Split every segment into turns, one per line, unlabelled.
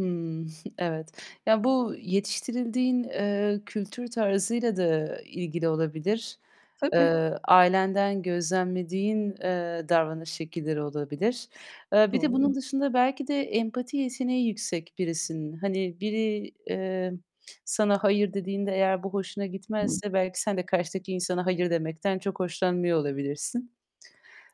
Hımm, evet. Ya, bu yetiştirildiğin, eee, kültür tarzıyla da ilgili olabilir.
Tabii.
Eee, ailenden gözlemlediğin, eee, davranış şekilleri olabilir. Eee, bir de bunun
Doğru.
dışında belki de empati yeteneği yüksek birisin. Hani, biri, eee, sana, hayır dediğinde eğer bu hoşuna gitmezse belki sen de karşıdaki insana hayır demekten çok hoşlanmıyor olabilirsin.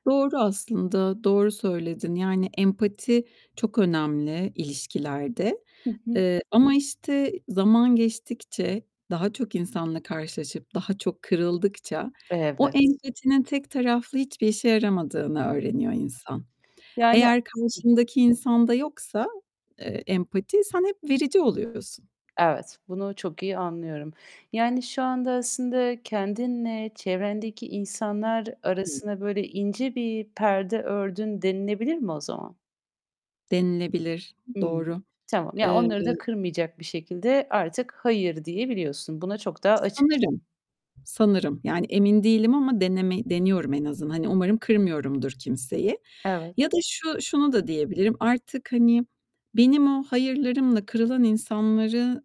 Doğru aslında, doğru söyledin. Yani empati çok önemli ilişkilerde.
Hı hı.
Eee, ama, işte, zaman geçtikçe, daha çok insanla karşılaşıp daha çok kırıldıkça o
Evet.
empatinin tek taraflı hiçbir işe yaramadığını öğreniyor insan.
Yani
Eğer karşındaki insanda yoksa, eee, empati, sen hep verici oluyorsun.
Evet, bunu çok iyi anlıyorum. Yani şu anda aslında kendinle çevrendeki insanlar
[unintelligible]
arasına, böyle, ince bir perde ördün denilebilir mi o zaman?
Denilebilir.
Hımm,
Doğru.
tamam. Yani
Eee
onları da kırmayacak bir şekilde artık, "Hayır." diyebiliyorsun. Buna çok daha açıksın.
Sanırım, sanırım. Yani, emin değilim ama deneme deniyorum en azından. Hani, umarım kırmıyorumdur kimseyi.
Evet.
Ya da şu şunu da diyebilirim: Artık, hani, benim o hayırlarımla kırılan insanları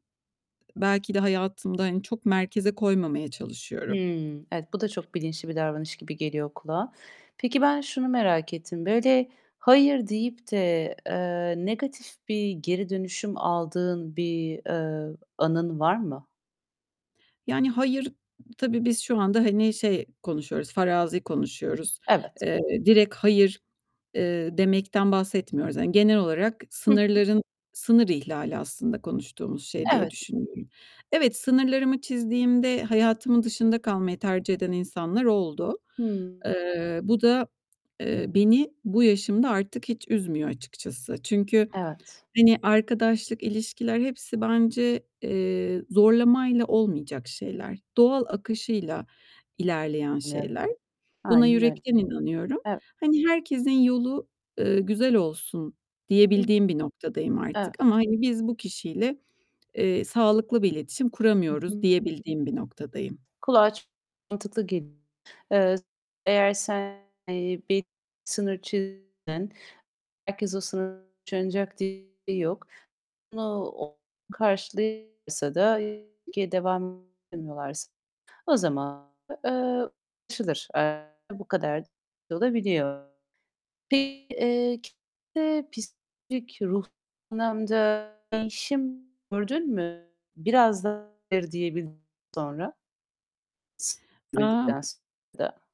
belki de hayatımda, hani, çok merkeze koymamaya çalışıyorum.
Hımm, evet, bu da çok bilinçli bir davranış gibi geliyor kulağa. Peki, ben şunu merak ettim: Böyle, hayır deyip de, eee, negatif bir geri dönüşüm aldığın bir, eee, anın var mı?
Yani hayır Tabii biz şu anda, hani, şey konuşuyoruz, farazi konuşuyoruz.
Evet.
Eee, direkt hayır, eee, demekten bahsetmiyoruz. Yani genel olarak
Hı hı.
sınırların sınır ihlali aslında konuştuğumuz şey diye
Evet.
düşünüyorum. Evet, sınırlarımı çizdiğimde hayatımın dışında kalmayı tercih eden insanlar oldu.
Hıı.
Eee, bu da, eee, beni bu yaşımda artık hiç üzmüyor açıkçası. Çünkü,
Evet.
hani, arkadaşlık, ilişkiler hepsi bence, eee, zorlamayla olmayacak şeyler, doğal akışıyla ilerleyen
[unintelligible]
şeyler. Buna
Aynen öyle.
yürekten inanıyorum.
Ev
Hani, "Herkesin yolu, eee, güzel olsun."
Hı
diyebildiğim bir noktadayım
Eve
artık. Ama, hani, biz bu kişiyle, eee, sağlıklı bir iletişim
Hı
kuramıyoruz
hı.
diyebildiğim bir noktadayım.
Kulağa çok mantıklı geliyor. Eee, eğer sen, eee, bir sınır çizdin. Herkes o sınırı [unintelligible] diye bir şey yok. Bunu o [unintelligible] da [unintelligible] devam etmiyorlarsa o zaman eee, anlaşılır. Eee, bu kadar da [unintelligible] olabiliyor. Peki, eee, kendinde psikolojik, ruhsal anlamda değişim gördün mü biraz daha hayır diyebildikten sonra.
Emm
[unintelligible]